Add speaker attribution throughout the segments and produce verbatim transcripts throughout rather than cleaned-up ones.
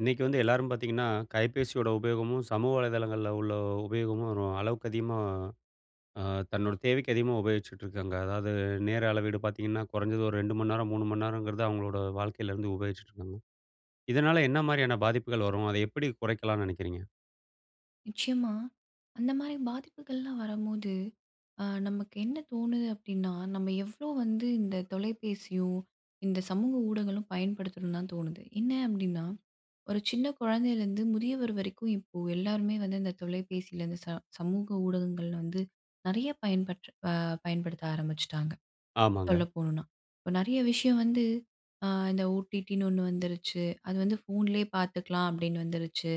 Speaker 1: இன்னைக்கு வந்து எல்லாரும் பார்த்தீங்கன்னா, கைபேசியோட உபயோகமும், சமூக வலைதளங்கள்ல உள்ள உபயோகமும் ஒரு அளவுக்கு அதிகமா அ தன்னோட தேவைக்கு அதிகமா உபயோகிச்சுட்ருக்காங்க. அதாவது நேர அளவீடு பார்த்தீங்கன்னா, குறஞ்சது ஒரு ரெண்டு மணி நேரம், மூணு மணிநேரம்ங்கிறது அவுங்களோட வாழ்க்கையிலிருந்து உபயோகிச்சுட்ருக்காங்க. இதனால என்ன மாரியான பாதிப்புகள் வரும்? அதை எப்பிடி குறைக்கலான்னு நினைக்கிறீங்க?
Speaker 2: நிச்சயமா அந்தமாரி பாதிப்புகள்லாம் வரும்போது, ஆ நமக்கு என்ன தோணுது? அப்பிடின்னா, நம்ம எவ்ளோ வந்து இந்த தொலைபேசியோ! இந்த சமூக ஊடகங்களும் பயன்படுத்தணுன்தான் தோணுது. என்ன அப்பிடின்னா, ஒரு சின்ன குழந்தையிலேருந்து, முதியவர் வரைக்கும் இப்போ எல்லாருமே வந்து இந்த தொலைபேசியில இந்த ச சமூக ஊடகங்கள்ல வந்து நிறைய பயன்பட் அ பயன்படுத்த ஆரம்பிச்சுட்டாங்க, சொல்ல
Speaker 1: ஆமாங்க.
Speaker 2: போணுன்னா! இப்ப நிறைய விஷயம் வந்து அ இந்த OTTன்னு ஒண்ணு வந்துருச்சு. அது வந்து ஃபோன்லேயே பார்த்துக்கலாம். அப்பிடின்னு வந்துருச்சு.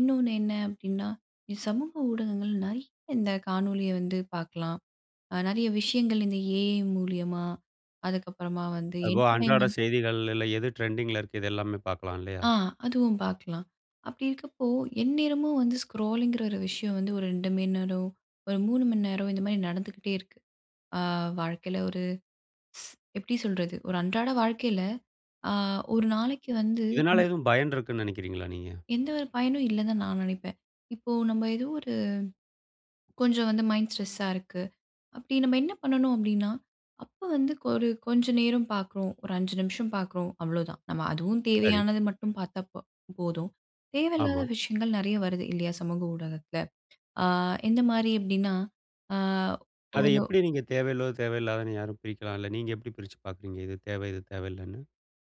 Speaker 2: இன்னொன்னு என்ன அப்பிடின்னா, இந்த சமூக ஊடகங்கள் நிறைய இந்த காணொளிய வந்து பாக்கலாம். அ நிறைய விஷயங்கள் இந்த AI மூலியமா, அதுக்கப்பறமா வந்து
Speaker 1: அதுபோக அன்றாட
Speaker 2: என்டர்டெயின்மெண்ட்
Speaker 1: செய்திகள்ல எது ட்ரெண்டிங்கில இருக்கு, இது எல்லாமே பார்க்கலாம். இல்லயா?
Speaker 2: ஆ அதுவும் பார்க்கலாம். அப்பிடி இருக்கப்போ! எந்நேரமும் வந்து ஸ்க்ரோலிங்கிற ஒரு விஷயம் வந்து ஒரு ரெண்டு மணிநேரம், ஒரு மூணு மணிநேரம் இந்தமாரி நடந்துகிட்டே இருக்கு. அ வாழ்க்கையில ஸ் ஒரு எப்பிடி சொல்றது? ஒரு அன்றாட வாழ்க்கையில ஆ ஒரு நாளைக்கு வந்து
Speaker 1: இதனால எதுவும் பயன் இருக்குன்னு நினைக்கிறீங்களா நீங்க?
Speaker 2: எந்த ஒரு பயனும் இல்லன்னுதான் நான் நினைப்பேன். இப்போ நம்ம ஏதோ ஒரு கொஞ்சம் வந்து மைண்ட் ஸ்ட்ரெஸ்ஸா இருக்கு. அப்பிடி நம்ம என்ன பண்ணணும் அப்பிடின்னா, அப்ப வந்து ஒரு கொஞ்சம் நேரம் பார்க்குறோம், ஒரு அஞ்சு நிமிஷம் பார்க்குறோம், அவ்ளோதான். நம்ம அதுவும்
Speaker 1: சரி.
Speaker 2: தேவையானது மட்டும் பார்த்தா ப் போதும். தேவையில்லாத
Speaker 1: ஆமா.
Speaker 2: விஷயங்கள் நிறைய வருது இல்லயா! சமூக ஊடகத்துல. ஆ எந்தமாரி அப்பிடின்னா, ஆ
Speaker 1: அதை
Speaker 2: ஒரு
Speaker 1: எப்பிடி நீங்க தேவையுள்ளது, தேவையில்லாதவனு யாரும் பிரிக்கலாம். இல்ல நீங்க எப்பிடி பிரிச்சு பார்க்குறீங்க? இது தேவ. இது தேவையில்லன்னு?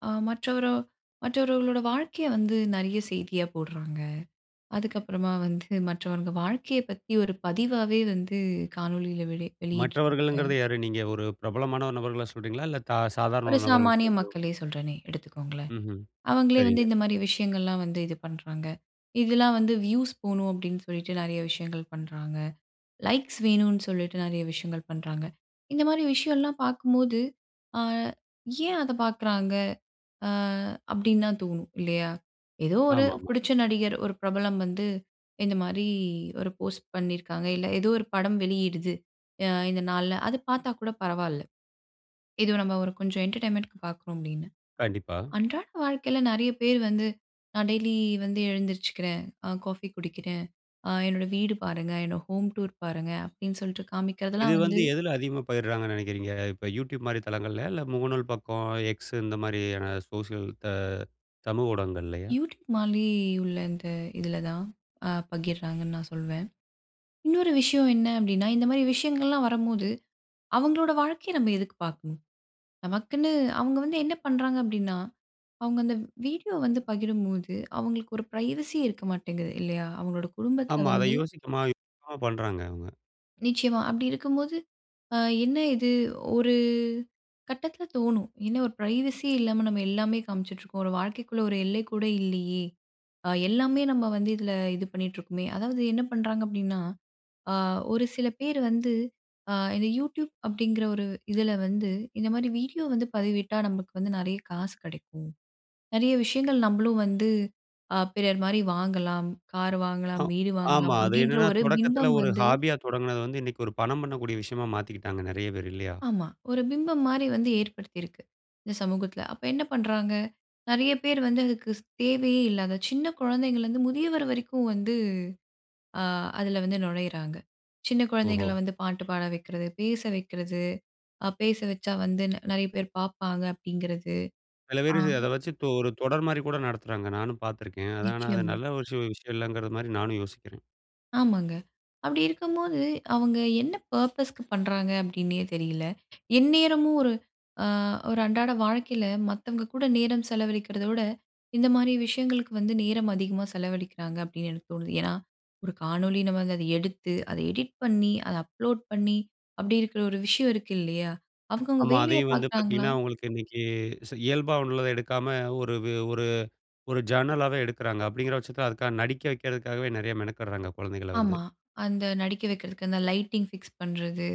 Speaker 2: ஆ மற்றவரோ-மற்றவர்களோட வாழ்க்கைய வந்து நெறைய செய்தியா போடுறாங்க. அதுக்கு அப்புறமா வந்து, மற்றவங்க வாழ்க்கையப் பத்தி ஒரு பதிவாவே வந்து, காணொளியில வெளி
Speaker 1: மற்றவர்கள்ங்கிறது
Speaker 2: வெளியிடுறாங்க.
Speaker 1: யாரு? நீங்க ஒரு பிரபலமான ஒரு நபர்கள்ல சொல்றீங்களா? இல்ல தா சாதாரண
Speaker 2: ஒரு
Speaker 1: ஒரு நபர்கள்
Speaker 2: சாமானிய
Speaker 1: [unintelligible]
Speaker 2: மக்களே சொல்றேனே, எடுத்துக்கோங்களேன்,
Speaker 1: ம்ஹ்ம்,
Speaker 2: அவங்களே வந்து
Speaker 1: சரிங்க.
Speaker 2: இந்த மாரி விஷயங்கள்லாம் வந்து, இது பண்றாங்க. இதெல்லாம் வந்து வியூஸ் போணும் அப்படின்னு சொல்லிட்டு, நெறைய விஷயங்கள் பண்றாங்க. லைக்ஸ் வேணுன்னு சொல்லிட்டு, நெறைய விஷயங்கள் பண்றாங்க. இந்த மாரி விஷயம்லாம் பாக்கும்போது, அ ஏன் அத பாக்குறாங்க? அ அப்டின்னு தான் தோணும் இல்லையா, ஏதோ ஒரு
Speaker 1: ஆமாமா.
Speaker 2: புடிச்ச நடிகர், ஒரு பிரபலம் வந்து, இந்த மாரி ஒரு போஸ்ட் பண்ணியிருக்காங்க, இல்ல ஏதோ ஒரு படம் வெளியிடுது. அ இந்த நாள்ல அது பாத்தா கூட பரவால்ல. இது ஒரு நம்ம கொஞ்சம் என்டர்டெயின்மெண்ட்‌க்கு பாக்குறோம் அப்டின்னு,
Speaker 1: கண்டிப்பா.
Speaker 2: அன்றாட வாழ்க்கையில நெறைய பேர் வந்து, நான் டெய்லி வந்து எழுந்திரிச்சுக்கிறேன், காஃபி குடிக்கிறேன், அ என்னோட வீடு பாருங்க, என்னோட ஹோம் டூர் பாருங்க, அப்டின்னு சொல்ட்டு
Speaker 1: இது
Speaker 2: காமிக்கிறதெல்லாம்
Speaker 1: வந்து,
Speaker 2: வந்து
Speaker 1: எதுல அதிகமா பகிர்றாங்கன்னு நெனைக்கிறீங்க? இப்ப YouTube மாரி தளங்கள்லயா, இல்ல முகநூல் பக்கம், X இந்த மாரியான சோசியல் த சமூக ஊடகங்கள்லயா?
Speaker 2: YouTube மாரி உள்ள இந்த இதில தான் அ பகிர்றாங்கன்னு நான் சொல்வேன். இன்னொரு விஷயம் என்ன அப்டின்னா, இந்த மாரி விஷயங்கள்லாம் வரும்போது, அவங்களோட வாழ்க்கைய நம்ம எதுக்கு பார்க்கணும்? நமக்குன்னு அவங்க வந்து என்ன பண்றாங்க அப்படின்னா, அவங்க அந்த வீடியோ வந்து பகிரும்போது, அவங்களுக்கு ஒரு பிரைவசி இருக்க மாட்டேங்குது இல்லையா? அவங்களோட குடும்பத்தில
Speaker 1: ஆமா. அத
Speaker 2: வந்து
Speaker 1: யோசிக்காம என்னென்னமோ பண்றாங்க அவுங்க.
Speaker 2: நிச்சயமா அப்பிடி இருக்கும்போது, அ என்ன இது? ஒரு கட்டத்தில தோணும். என்ன ஒரு பிரைவெசி இல்லாம, நம்ம எல்லாமே காமிச்சிட்ருக்கோம். ஒரு வாழ்க்கைக்குள்ள ஒரு எல்லை கூட இல்லயே! அ எல்லாமே நம்ம வந்து இதில இது பண்ணிட்டு இருக்கோமே! அதாவது என்ன பண்றாங்க அப்பிடின்னா, அ ஒரு சில பேர் வந்து, அ இந்த Youtube அப்பிடிங்கிற ஒரு இதில வந்து இந்த மாதிரி வீடியோ வந்து பதிவிட்டா நமக்கு வந்து நிறைய காசு கிடைக்கும். நிறைய விஷயங்கள் நம்மளும் வந்து அ பிறர்மாரி வாங்கலாம். கார்
Speaker 1: அ
Speaker 2: வாங்கலாம், வீடு
Speaker 1: ஆமா.
Speaker 2: வாங்கலாம்
Speaker 1: அது
Speaker 2: அப்பிடின்ற
Speaker 1: என்னன்னா,
Speaker 2: ஒரு
Speaker 1: தொடக்கத்தில
Speaker 2: பிம்பம்
Speaker 1: ஒரு
Speaker 2: வந்து
Speaker 1: ஹாபியா தொடங்கினது வந்து இன்னக்கி ஒரு பணம் பண்ணக்கூடிய விஷயமா மாத்திக்கிட்டாங்க நிறைய பேரு இல்லயா?
Speaker 2: ஆமா. ஒரு பிம்பம் மாரி வந்து ஏற்படுத்தியிருக்கு. இந்த சமூகத்தில. அப்ப என்ன பண்றாங்க? நிறைய பேர் வந்து அதுக்கு தேவையே இல்லாத சின்ன குழந்தைங்கள்லருந்து முதியவர் வரைக்கும் வந்து, அ அதில வந்து நுழையிறாங்க. சின்ன குழந்தைங்கள
Speaker 1: ஓஹோ!
Speaker 2: வந்து பாட்டு பாட வைக்கிறது, பேச வைக்கிறது. அ பேச வச்சா வந்து நிறைய பேர் பார்ப்பாங்க. அப்பிடிங்கிறது
Speaker 1: சில
Speaker 2: ஆ.
Speaker 1: பேரு அத வச்சு தொ ஒரு தொடர்மாரி கூட நடத்துறாங்க. நானும் பார்த்துருக்கேன். அது ஆனா அது
Speaker 2: நிச்சயமா.
Speaker 1: நல்ல ஒரு விஷயம் இல்லங்கிறமாரி நானும் யோசிக்கிறேன்.
Speaker 2: ஆமாங்க. அப்பிடி இருக்கும்போது, அவுங்க என்ன பர்ப்பஸ்க்கு பண்றாங்க அப்பிடின்னே தெரில. எந்நேரமும் ஒரு அ ஒரு அன்றாட வாழ்க்கையில மத்தவங்க கூட நேரம் செலவழிக்கிறத விட, இந்தமாரி விஷயங்களுக்கு வந்து நேரம் அதிகமா செலவழிக்கிறாங்க அப்பிடின்னு எனக்கு தோணுது. ஏன்னா, ஒரு காணொலி நம்ம அங்க அத எடுத்து அத எடிட் பண்ணி, அத அப்லோட் பண்ணி, அப்பிடி இருக்கிற ஒரு விஷயம் இருக்கு இல்லயா! அவுங்கவுங்க
Speaker 1: ஆமா.
Speaker 2: வேலைய
Speaker 1: அதையும் வந்து
Speaker 2: பார்க்குறாங்களா!
Speaker 1: பார்த்தீங்கன்னா, உங்களுக்கு இன்னக்கி ச இயல்பா உள்ளத எடுக்காம ஒரு ஒரு, ஒரு ஜர்னலாவே எடுக்கிறாங்க. அப்பிடிங்கிற பட்சத்துல அதுக்காக நடிக்க வைக்கிறதுக்காகவே, நிறைய மெனக்கிடுறாங்க. குழந்தைகள வந்து.
Speaker 2: ஆமா. அந்த நடிக்க வைக்கிறதுக்கு, அந்த லைட்டிங் பிக்ஸ் பண்றது,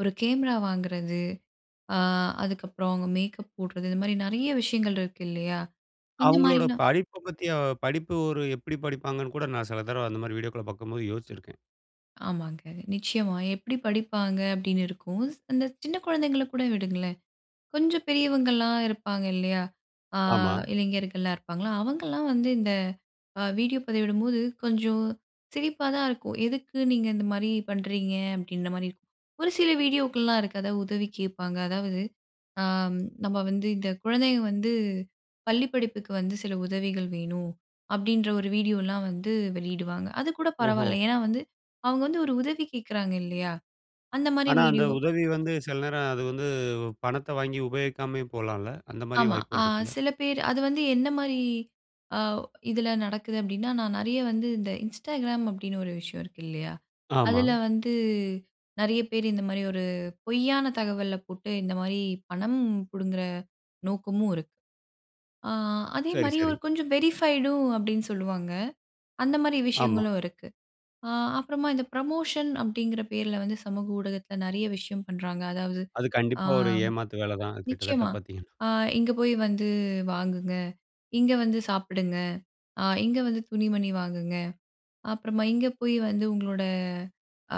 Speaker 2: ஒரு கேமரா வாங்குறது, ஆ அதுக்கப்புறம் அவுங்க மேக்கப் போடுறது. இந்த மாரி நிறைய விஷயங்கள் இருக்கு இல்லயா!
Speaker 1: அவுங்களோட
Speaker 2: இந்தமாரிலாம்
Speaker 1: படிப்ப பத்தியோ படிப்பு ஒரு எப்பிடி படிப்பாங்கனு கூட நான், சில தடவ அந்தமாரி வீடியோக்கள பார்க்கும்போது யோச்சிருக்கிறேன்.
Speaker 2: ஆமாங்க. நிச்சயமா "எப்பிடி படிப்பாங்க?" அப்பிடின்னு இருக்கும். அந்த சின்ன குழந்தைங்கள கூட விடுங்களேன். கொஞ்சம் பெரியவங்கள்லாம் இருப்பாங்க இல்லயா! ஆ
Speaker 1: ஆமா.
Speaker 2: இளைஞர்கள்லாம் இருப்பாங்களா! அவங்கள்லாம் வந்து இந்த அ வீடியோ பதிவிடும்போது, கொஞ்சம் சிரிப்பா தான் இருக்கும். "எதுக்கு நீங்க இந்தமாரி பண்றீங்க?" அப்பிடின்றமாரி இருக்கும். ஒரு சில வீடியோக்கள்லாம் இருக்கு அதா உதவி கேப்பாங்க. அதாவது, ஆம் நம்ம வந்து, இந்த குழந்தைக வந்து, "பள்ளி படிப்புக்கு வந்து சில உதவிகள் வேணும்"அப்பிடின்ற ஒரு வீடியோ எல்லாம் வந்து வெளியிடுவாங்க. அது கூட
Speaker 1: ஓஹோ!
Speaker 2: பரவால்ல. ஏன்னா, வந்து அவுங்க வந்து ஒரு உதவி கேக்கிறாங்க இல்லயா! அந்தமாரி
Speaker 1: ஆனா அந்த
Speaker 2: வீடியோ.
Speaker 1: உதவி வந்து, சில நேரம் அது வந்து உ பணத்த வாங்கி உபயோகிக்காமயும் போலான்ல? அந்தமாரியும்
Speaker 2: ஆமா. ஆ
Speaker 1: வாய்ப்புகள் இருக்குல்ல?
Speaker 2: சில பேர் அது வந்து என்னமாரி அ இதில நடக்குது அப்டின்னா, நான் நெறைய வந்து இந்த Instagram அப்டின்னு ஒரு விஷயம் இருக்கு இல்லயா!
Speaker 1: ஆமா.
Speaker 2: அதில வந்து, நெறைய பேரு இந்தமாரி ஒரு பொய்யான தகவல போட்டு, இந்தமாரி பணம் புடுங்குற நோக்கமும் இருக்கு. ஆ
Speaker 1: சரி
Speaker 2: அதேமாரி
Speaker 1: சரி.
Speaker 2: ஒரு கொஞ்சம் வெரிஃபைடும் அப்பிடின்னு சொல்லுவாங்க. அந்தமாரி
Speaker 1: ஆமா.
Speaker 2: விஷயங்களும் இருக்கு. ஆ அப்புறமா இந்த ப்ரமோஷன் அப்டிங்கிற பேர்ல வந்து, சமூக ஊடகத்தில நெறைய விஷயம் பண்றாங்க. அதாவது
Speaker 1: அது
Speaker 2: ஆ
Speaker 1: கண்டிப்பா ஒரு ஏமாத்து வேல தான். கிட்டத்தட்ட
Speaker 2: நிச்சயமா!
Speaker 1: பாத்தீங்கன்னா.
Speaker 2: ஆ இங்க போய் வந்து, வாங்குங்க. இங்க வந்து சாப்பிடுங்க, அ இங்க வந்து துணி, மணி வாங்குங்க. அப்புறமா இங்கேபோய் வந்து உங்களோட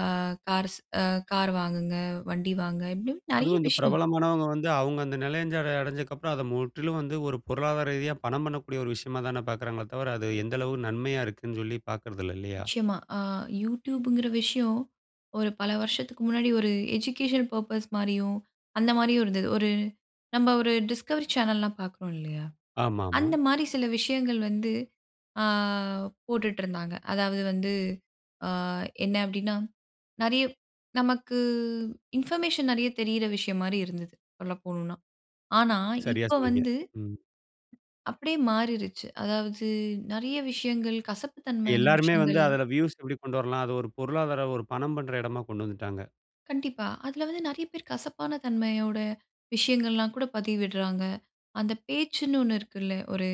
Speaker 2: அ கார்ஸ் அ கார் வாங்குங்க. வண்டி வாங்குங்க, இப்பிடியும் நெறைய
Speaker 1: அதுவும் இந்த
Speaker 2: விஷயம்.
Speaker 1: பிரபலமானவுங்க வந்து அவுங்க அந்த நிலையஞ்சர அடஞ்சதுக்கு அப்புறம் அத முற்றிலும் வந்து ஒரு பொருளாதார ரீதியா பணம் பண்ணக்கூடிய ஒரு விஷயமா தானே பாக்கிறாங்களே தவர, அது எந்த அளவு நன்மையா இருக்குன்னுஞ் சொல்லி பாக்குறதில்ல இல்லயா!
Speaker 2: நிச்சயமா ஆ YouTubeங்கிற விஷயம், ஒரு பல வருஷத்துக்கு முன்னாடி ஒரு எஜுகேஷன் பர்ப்பஸ் மாரியும், அந்தமாரியும் இருந்துது. ஒரு நம்ம ஒரு டிஸ்கவரி சேனல்லாம் பாக்குறோம் இல்லயா!
Speaker 1: ஆமா ஆமா.
Speaker 2: அந்தமாரி சில விஷயங்கள் வந்து, ஆ போட்டுட்ருந்தாங்க. அதாவது வந்து ஆ என்ன அப்டின்னா நெறைய நமக்கு இன்ஃபர்மேஷன் நெறைய தெரியிற விஷயம்மாரி இருந்தது. சொல்ல போணுன்னா. ஆனா
Speaker 1: சரியா
Speaker 2: இப்ப
Speaker 1: சொன்னீங்க.
Speaker 2: வந்து
Speaker 1: ம்.
Speaker 2: அப்பிடியே மாறிருச்சு. அதாவது நெறைய விஷயங்கள், கசப்பு தன்மையான
Speaker 1: எல்லாருமே வந்து
Speaker 2: விஷயங்கள்.
Speaker 1: அதில வ்யூஸ் எப்பிடி கொண்டு வரலாம். அது ஒரு பொருளாதார ஒரு பணம் பண்ற எடமா கொண்டு வந்துட்டாங்க.
Speaker 2: கண்டிப்பா. அதில வந்து நெறைய பேர் கசப்பான தன்மையோட, விஷயங்கள்லாம் கூட பதிவிட்றாங்க. அந்த பேச்சுன்னு ஒண்ணு இருக்குல்ல, ஒரு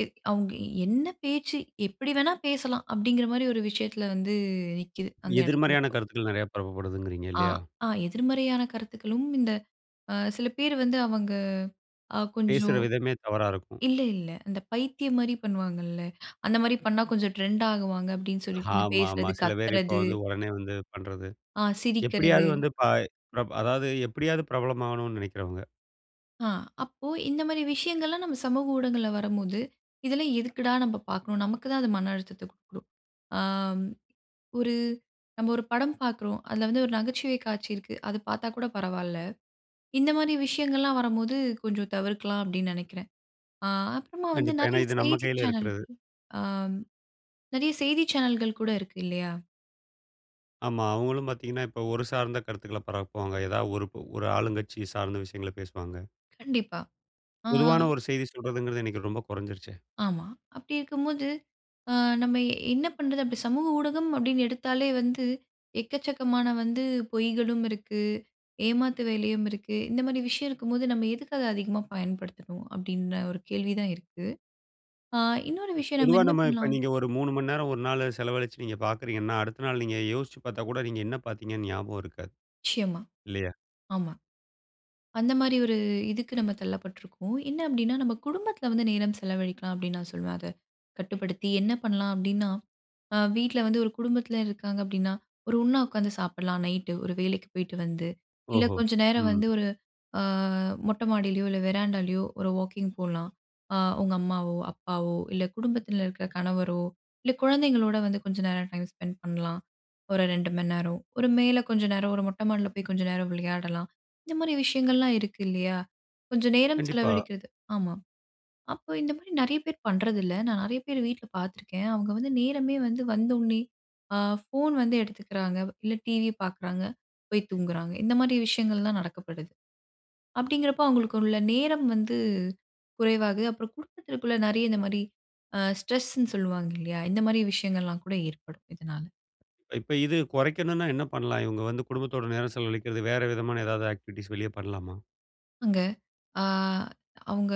Speaker 2: எ அவுங்க "என்ன பேச்சு? எப்டி வேணா பேசலாம்" அப்டீங்கிற மாரி ஒரு விஷயத்தில வந்து, நிக்கிது அந்த எடத்தில
Speaker 1: எதிர்மறையான
Speaker 2: இப்போ.
Speaker 1: கருத்துக்கள் நெறைய பரப்பப்படுதுங்கிறீங்க.
Speaker 2: ஆ,
Speaker 1: இல்லையா?
Speaker 2: ஆ. எதிர்மறையான கருத்துக்களும் இந்த, அ சில பேர் வந்து அவங்க, அ,
Speaker 1: பேசுற
Speaker 2: கொஞ்சம்
Speaker 1: விதமே தவறா இருக்கும்.
Speaker 2: இல்ல, இல்ல. அந்த பைத்தியம் மாரி பண்ணுவாங்கல்ல? அந்த மாரி பண்னா கொஞ்சம் ட்ரெண்ட் ஆகுவாங்க அப்டின்னு சொல்லிட்டு இந்த
Speaker 1: ஆமாமா.
Speaker 2: பேசுறது,
Speaker 1: சில பேர் இப்போ
Speaker 2: கத்துறது
Speaker 1: வந்து உடனே வந்து பண்றது.
Speaker 2: ஆ,
Speaker 1: எப்டியாவது
Speaker 2: சிரிக்கறது.
Speaker 1: வந்து ப ப்ர அதாவது எப்டியாவது பிரபலம் ஆகணும்னு நெனைக்கிறவங்க.
Speaker 2: அ, அப்போ இந்த மாரி விஷயங்கள்லாம் நம்ம சமூக ஊடகங்கல்ல வரும்போது "இதெல்லாம் எதுக்குடா நம்ப பாக்கணும்?" நமக்கு தான் அது மன அழுத்தத்த குடுக்கும். ஆம், ஒரு நம்ம ஒரு படம் பாக்குறோம். அதில வந்து ஒரு நகைச்சுவை காட்சி இருக்கு. அது பாத்தா கூட பரவால்ல. இந்த மாரி விஷயங்கள்லாம் வரும்போது கொஞ்சம் தவிர்க்கலாம் அப்டீன்னு நெனைக்கிறேன். அ, அப்புறமா வந்து
Speaker 1: கண்டிப்பா, ஏனா
Speaker 2: நெறைய
Speaker 1: இது நம்ம
Speaker 2: செய்தி
Speaker 1: கையில இருக்கிறது.
Speaker 2: சேனல்கள் ஆம். நெறைய செய்தி சேனல்கள் கூட இருக்கு இல்லையா?
Speaker 1: ஆமா, அவங்களும் பாத்தீங்கன்னா இப்போ ஒரு சார்ந்த கருத்துக்கள பரப்புவாங்க. ஏதாவது ஒரு ப ஒரு ஆளுங்கட்சி சார்ந்த விஷயங்கள பேசுவாங்க.
Speaker 2: கண்டிப்பா. ஆ.
Speaker 1: பொதுவான ஒரு செய்தி சொல்றதுங்கறது, இன்னக்கி ரொம்ப கொறஞ்சிருச்சு.
Speaker 2: ஆமா. அப்டி இருக்கும்போது அ, நம்ம என்ன பண்றது? அப்டி சமூக ஊடகம் அப்டின்னு எடுத்தாலே வந்து எக்கச்சக்கமான வந்து பொய்களும் இருக்கு, ஏமாத்து வேலையும் இருக்கு. இந்த மாரி விஷயம் இருக்கும்போது நம்ம எதுக்கு அத அதிகமா பயன்படுத்தணும்? அப்டின்ன ஒரு கேள்வி தான் இருக்கு. அ, இன்னொரு விஷயம் நம்ம
Speaker 1: பொதுவா,
Speaker 2: என்ன
Speaker 1: நம்ம, இப்ப
Speaker 2: பண்ணலாம்?
Speaker 1: நீங்க ஒரு மூணு மணி நேரம் ஒரு நாள் செலவழிச்சு நீங்க பார்க்குறீங்கன்னா, அடுத்த நாள் நீங்க யோசிச்சு பாத்தா கூட, நீங்க என்ன பாத்தீங்கன்னு ஞாபகம் இருக்காது.
Speaker 2: நிச்சியமா.
Speaker 1: இல்லையா?
Speaker 2: ஆமா. அந்த மாரி ஒரு இதுக்கு நம்ம தள்ளப்பட்ருக்கோம். என்ன அப்டீன்னா, நம்ம குடும்பத்தில வந்து நேரம் செலவழிக்கலாம் அப்டீன்னு நான் சொல்லுவேன் அத. கட்டுப்படுத்தி என்ன பண்ணலாம் அப்டீன்னா. அ வீட்ல வந்து ஒரு குடும்பத்தில இருக்காங்க அப்டீன்னா, ஒரு ஒண்ணா ஒக்காந்து சாப்படலாம் நைட் ஒரு வேலைக்கு போய்ட்டு வந்து. இல்ல
Speaker 1: ஓஹோ!
Speaker 2: கொஞ்ச நேரம்
Speaker 1: ம்.
Speaker 2: வந்து ஒரு அ, மொட்ட மாடிலயோ இல்ல, வெராண்டாலயோ ஒரு வாக்கிங் போலாம். அ உங்க அம்மாவோ, அப்பாவோ இல்ல குடும்பத்தில இருக்குற கணவரோ, இல்ல குழந்தைங்களோட வந்து கொஞ்ச நேரம் டைம் ஸ்பெண்ட் பண்ணலாம். ஒரு ரெண்டு மணி நேரம் ஒரு மேல கொஞ்ச நேரம், ஒரு மொட்ட மாடில போய் கொஞ்ச நேரம் விளையாடலாம். இந்த மாரி விஷயங்கள்லாம் இருக்கு இல்லையா? கொஞ்ச நேரம்
Speaker 1: கண்டிப்பா.
Speaker 2: செலவழிக்கிறது ஆமா. அப்போ இந்த மாரி நெறைய பேர் பண்றதில்ல. நான் நெறைய பேர் வீட்ல பாத்துருக்கேன். அவங்க வந்து நேரமே வந்து வந்தோனே, அ, ஃபோன் வந்து எடுத்துக்குறாங்க, இல்ல டிவி பாக்குறாங்க, போய் தூங்குறாங்க. இந்த மாரி விஷயங்கள்லாம் நடக்கப்படுது. அப்டீங்கிறப்போ அவங்களுக்கு உள்ள நேரம் வந்து குறைவாகுது. அப்புறம் குடும்பத்திற்குள்ள நெறைய இந்த மாரி அ, ஸ்ட்ரெஸ்ன்னு சொல்லுவாங்க இல்லயா? இந்த மாரி விஷயங்கள்லாம் கூட ஏற்படும் இதனால.
Speaker 1: இப்ப இது கொறைக்கணுன்னா என்ன பண்லாம்? இவங்க வந்து குடும்பத்தோட நேரம் செலவழிக்கிறது, வேற விதமான ஏதாவது ஆக்டிவிட்டீஸ் வெளியே பண்ணலாமா?
Speaker 2: அங்க ஆ அவுங்க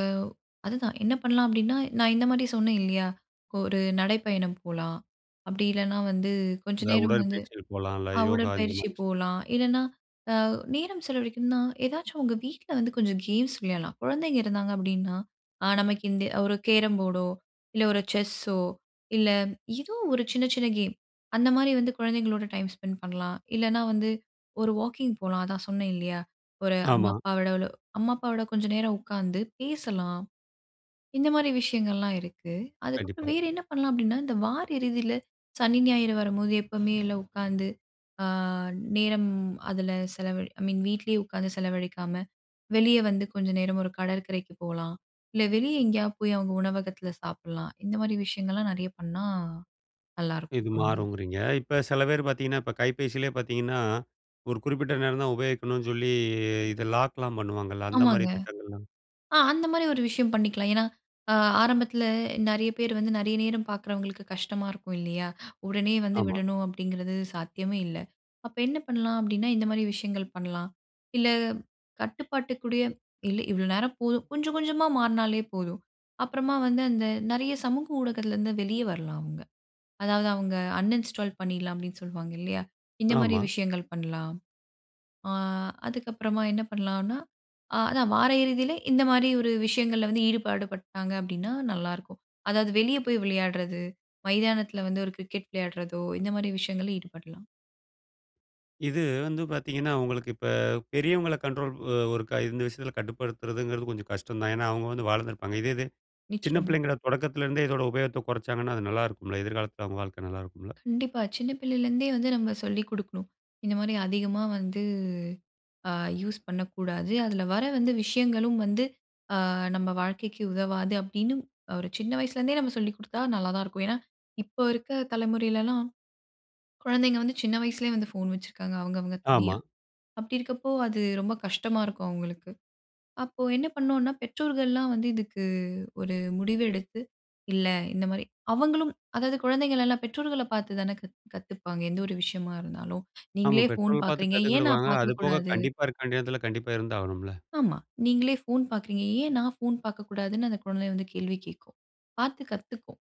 Speaker 2: அதுதான், என்ன பண்ணலாம் அப்டின்னா, நான் இந்த மாரி சொன்னேன் இல்லையா? ஒரு நடைப்பயணம் போலாம், அப்டி இல்லைனா வந்து, கொஞ்ச
Speaker 1: இந்த
Speaker 2: நேரம் வந்து
Speaker 1: உடற்பயிற்சிகள் போலாம், இல்ல
Speaker 2: அ
Speaker 1: யோகா இந்த
Speaker 2: உடற்பயிற்சி
Speaker 1: மாரி.
Speaker 2: போலாம், இல்லைனா அ நேரம் செலவழிக்கணும்னா ஏதாச்சும் உங்க வீட்ல வந்து கொஞ்சம் கேம்ஸ் விளையாட்லாம். கொழந்தைங்க இருந்தாங்க அப்டின்னா, நமக்கு இந்த ஒரு கேரம் போர்டோ, இல்ல ஒரு செஸ்ஸோ, இல்ல ஏதோ ஒரு சின்ன சின்ன கேம். அந்த மாரி வந்து, கொழந்தைங்களோட டைம் ஸ்பெண்ட் பண்லாம். இல்லைனா வந்து, ஒரு வாக்கிங் போலாம். அதான் சொன்னேன் இல்லையா? ஒரு அம்மா
Speaker 1: ஆமா.
Speaker 2: அப்பாவோட அம்மா அப்பாவோட கொஞ்சம் நேரம் உட்காந்து பேசலாம். இந்த மாரி விஷயங்கள்லாம் இருக்கு. அதுக்கப்புறம்
Speaker 1: கண்டிப்பா.
Speaker 2: வேறு என்ன பண்லாம்? அப்டின்னா இந்த வார இறுதியில சனி, ஞாயிறு வரும்போது எப்போவுமே இல்ல உட்காந்து அ நேரம் அதுல செலவழி ஐ மீன் வீட்லயே உட்காந்து செலவழிக்காம, வெளியே வந்து கொஞ்சம் நேரம் ஒரு கடற்கரைக்கு போகலாம். இல்ல வெளியே எங்கேயாவது போய் அவங்க உணவகத்துல சாப்டலாம். இந்த மாரி விஷயங்கள்லாம் நெறைய பண்ணா
Speaker 1: இது
Speaker 2: நல்லாயிருக்கும் தோணுது.
Speaker 1: மாறுங்குறீங்க. இப்ப செல பேரு பார்த்தீங்கன்னா, இப்ப கைபேசில பார்த்தீங்கன்னா, ஒரு குறிப்பிட்ட நேரம் தான் உபயோகிக்கணும்னு சொல்லி இத லாக்லாம் பண்ணுவாங்கல்ல, அந்த மாரி
Speaker 2: ஆமாங்க.
Speaker 1: திட்டங்கள்லாம்.
Speaker 2: ஆ அந்த மாரி ஒரு விஷயம் பண்ணிக்கலாம். ஏன்னா அ ஆரம்பத்துல நெறைய பேர் வந்து நெறைய நேரம் பார்க்குறவங்களுக்கு கஷ்டமா இருக்கும் இல்லையா? உடனே வந்து
Speaker 1: ஆமா.
Speaker 2: விடணும் அப்டிங்கிறது சாத்தியமே இல்ல. அப்ப என்ன பண்ணலாம் அப்டின்னா, இந்த மாரி விஷயங்கள் பண்ணலாம். இல்ல கட்டுப்பாட்டுக்குடைய இல்ல இவ்ளோ நேரம் போதும், கொஞ்சம் கொஞ்சமா மாறினாலே போதும். அப்புறமா வந்து அந்த நெறைய சமூக ஊடகத்துலருந்து வெளியே வரலாம் அவங்க. அதாவது அவங்க அன்இன்ஸ்டால் பண்ணிடலாம், அப்டின்னு சொல்லுவாங்க இல்லையா? இந்த மாரி
Speaker 1: ஆமா.
Speaker 2: விஷயங்கள் பண்ணலாம். ஆ அதுக்கப்புறமா என்ன பண்ணலான்னா, அதான் வார இறுதியில, இந்த மாரி ஒரு விஷயங்கள்ல வந்து ஈடுபாடுபட்டாங்க அப்டின்னா நல்லாருக்கும். அதாவது வெளியே போய் விளையாட்றது, மைதானத்துல வந்து ஒரு கிரிக்கெட் விளையாட்றதோ இந்த மாரி விஷயங்கள்ல ஈடுபடலாம்.
Speaker 1: இது வந்து பார்த்தீங்கன்னா, உங்களுக்கு இப்ப பெரியவங்கள கண்ட்ரோல் ஒ ஒருக்கா இந்த விஷயத்தில கட்டுப்படுத்துறதுங்கிறது கொஞ்சம் கஷ்டம் தான். ஏன்னா, அவுங்க வந்து வாளந்திருப்பாங்க இதே இது, சின்ன
Speaker 2: நிச்சயமா.
Speaker 1: பிள்ளைங்கள தொடக்கத்திலருந்தே இதோட உபயோகத்த குறச்சாங்கன்னா, அது நல்லா இருக்குமில்ல. எதிர்காலத்தில அவுங்க வாழ்க்க நல்லா இருக்குமில்ல.
Speaker 2: கண்டிப்பா. சின்ன பிள்ளையில இருந்தே வந்து நம்ம சொல்லிக் குடுக்கணும். இந்தமாரி அதிகமா வந்து அ யூஸ் பண்ணக்கூடாது. அதில வர வந்து விஷயங்களும் வந்து அ நம்ம வாழ்க்கைக்கு உதவாது. அப்பிடின்னும் ஒரு சின்ன வயசுலேருந்தே நம்ம சொல்லிக் குடுத்தா நல்லா தான் இருக்கும். ஏன்னா, இப்போ இருக்க தலைமுறையிலலாம், குழந்தைங்க வந்து சின்ன வயசுலே வந்து ஃபோன் வச்சுருக்காங்க. அவுங்கவுங்க தனியா.
Speaker 1: ஆமா.
Speaker 2: அப்பிடி இருக்கப்போ அது ரொம்ப கஷ்டமா இருக்கும் அவுங்களுக்கு. அப்போ என்ன பண்ணுன்னா, பெற்றோர்கள்லாம் வந்து இதுக்கு ஒரு முடிவு எடுத்து, இல்ல இந்தமாரி அவுங்களும் அதாவது குழந்தைங்களெல்லாம் பெற்றோர்கள பார்த்து தான கத் கத்துப்பாங்க. எந்த ஒரு விஷயமா இருந்தாலும்.
Speaker 1: ஆமா.
Speaker 2: நீங்களே ஃபோன்
Speaker 1: பெற்றோர்கள் பார்த்து
Speaker 2: பார்க்குறீங்க. ஏன் நான்
Speaker 1: கத்துக்கிடுவாங்க. அதுபோக
Speaker 2: பார்க்கக்கூடாது?
Speaker 1: கண்டிப்பா இருக்க வேண்டிய நேரத்தில கண்டிப்பா இருந்தாகணும்ல.
Speaker 2: ஆமா. நீங்களே ஃபோன் பார்க்குறீங்க, ஏன் நான் ஃபோன் பார்க்கக்கூடாதுன்னு அந்த குழந்தை வந்து கேள்வி கேட்கும். பார்த்து கத்துக்கும்.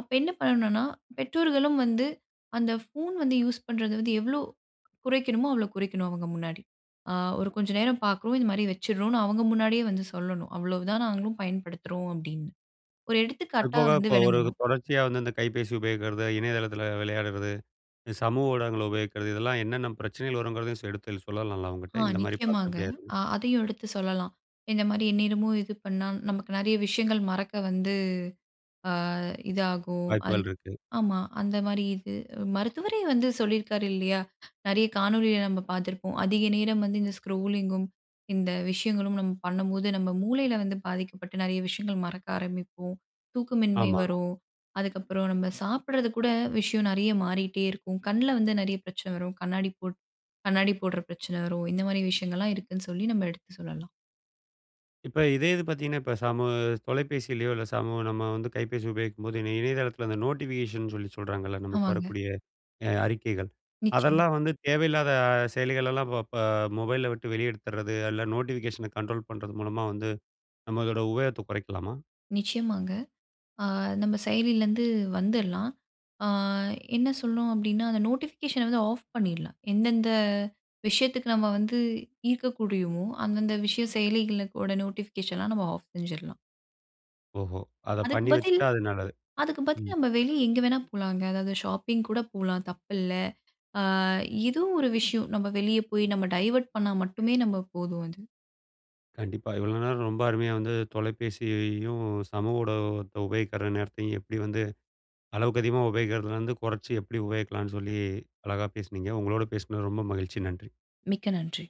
Speaker 2: அப்ப என்ன பண்ணணுனா, பெற்றோர்களும் வந்து அந்த ஃபோன் வந்து யூஸ் பண்றது வந்து எவ்வளோ குறைக்கணுமோ அவ்ளோ குறைக்கணும் அவங்க முன்னாடி. அ ஒரு கொஞ்ச நேரம் பார்க்குறோம், இதுமாரி வச்சிட்றோன்னு அவுங்க முன்னாடியே வந்து சொல்லணும். அவ்ளோ தான் நாங்களும் பயன்படுத்துறோம் அப்பிடின்னு. ஒரு எடுத்துக்காட்டா
Speaker 1: அதுபோக,
Speaker 2: வந்து
Speaker 1: இப்ப ஒரு
Speaker 2: விளங்கணும்.
Speaker 1: தொடர்ச்சியா வந்து இந்த கைபேசி உபயோகிக்கிறது, இணையதளத்தில விளையாடுறது, இது சமூக ஊடகங்கள உபயோகிக்கிறது, இதெல்லாம் என்னென்ன பிரச்சனைகள் வருங்கிறதையும் ச எடுத்து சொல்லலாம்ல
Speaker 2: ஆ.
Speaker 1: அவுங்கட்ட. இந்தமாரி பார்த்தா
Speaker 2: நிச்சயமாங்க.
Speaker 1: இப்பிடியாயிரும்ன்னு.
Speaker 2: அ அதையும் எடுத்து சொல்லலாம். இந்தமாரி எந்நேரமும் இது பண்ணா நமக்கு நெறைய விஷயங்கள் மறக்க வந்து அ இதாகும்.
Speaker 1: வாய்ப்புகள்
Speaker 2: அதுக்
Speaker 1: இருக்கு.
Speaker 2: ஆமா, அந்தமாரி இது. மருத்துவரே வந்து சொல்லியிருக்காரு இல்லயா! நெறைய காணொளியலாம் நம்ம பார்த்துருப்போம். அதிக நேரம் வந்து இந்த ஸ்க்ரூலிங் கும், இந்த விஷயங்களும் நம்ம பண்ணும்போது, நம்ம மூளையில வந்து பாதிக்கப்பட்டு நெறைய விஷயங்கள் மறக்க ஆரம்பிப்போம். தூக்கமின்மை
Speaker 1: ஆமா.
Speaker 2: வரும். அதுக்கப்பறம் நம்ம சாப்பிட்றது கூட விஷயம் நெறைய மாறிட்டே இருக்கும். கண்ல வந்து நெறைய பிரச்சன வரும். கண்ணாடி போட் கண்ணாடி போடுற பிரச்சனை வரும். இந்தமாரி விஷயங்கள்லாம் இருக்குன்னு சொல்லி நம்ம எடுத்து சொல்லலாம்.
Speaker 1: இப்ப இதே இது பார்த்தீங்கன்னா, இப்ப சமூ தொலைபேசிலயோ! இல்ல, சமூ நம்ம வந்து கைபேசி உபயோகிக்கும்போது, இணை இணையதளத்தில அந்த நோட்டிஃபிகேஷன் சொல்லி சொல்றாங்கல்ல, நமக்கு
Speaker 2: ஆமாங்க.
Speaker 1: வரக்கூடிய அ அறிக்கைகள்.
Speaker 2: நிச்சயமா.
Speaker 1: அதெல்லாம் வந்து தேவையில்லாத செயலிகளெல்லாம் வ ப மொபைல்ல விட்டு வெளிய எடுத்துட்றது, அல்ல நோட்டிஃபிகேஷன கண்ட்ரோல் பண்றது மூலமா வந்து, நம்மளோட உபயோகத்த குறைக்கலாமா?
Speaker 2: நிச்சயமாங்க. ஆ நம்ம செயலில இருந்து வந்துர்லாம். ஆ என்ன சொல்லணும் அப்பிடின்னா, அந்த நோட்டிஃபிகேஷன வந்து ஆஃப் பண்ணிர்லாம். எந்தெந்த விஷயத்துக்கு நம்ம வந்து ஈர்க்க கூடியுமோ, அந்தந்த விஷய செயலிகளோட நோட்டிஃபிகேஷன நம்ம ஆஃப் செஞ்சுர்லாம்.
Speaker 1: ஓஹோ! அதப்
Speaker 2: அதுக்கு
Speaker 1: பண்ணி
Speaker 2: பதில்
Speaker 1: வச்சுட்டா அது நல்லது.
Speaker 2: அதுக்கு பதில்
Speaker 1: ம்.
Speaker 2: நம்ப வெளிய எங்க வேணாலும் போலாங்க. அதாவது ஷாப்பிங் கூட போலாம் தப்பில்ல. அ இதுவும் ஒரு விஷயம். நம்ம வெளிய போய் நம்ம டைவர்ட் பண்ணா மட்டுமே நம்ம போதும், அது.
Speaker 1: கண்டிப்பா. இவ்ளோ நேரம் ரொம்ப அருமையா வந்து தொலைபேசியையும், சமூக ஊடகத்த உபயோகிக்கிற நேரத்தையும் எப்பிடி வந்து அளவுக்கு அதிகமா உபயோகிக்கிறதிலருந்து குறச்சு எப்பிடி உபயோகிக்கலான்னு சொல்லி அழகா பேசினீங்க. உங்களோட பேசினது ரொம்ப மகிழ்ச்சி. நன்றி.
Speaker 2: மிக்க நன்றி.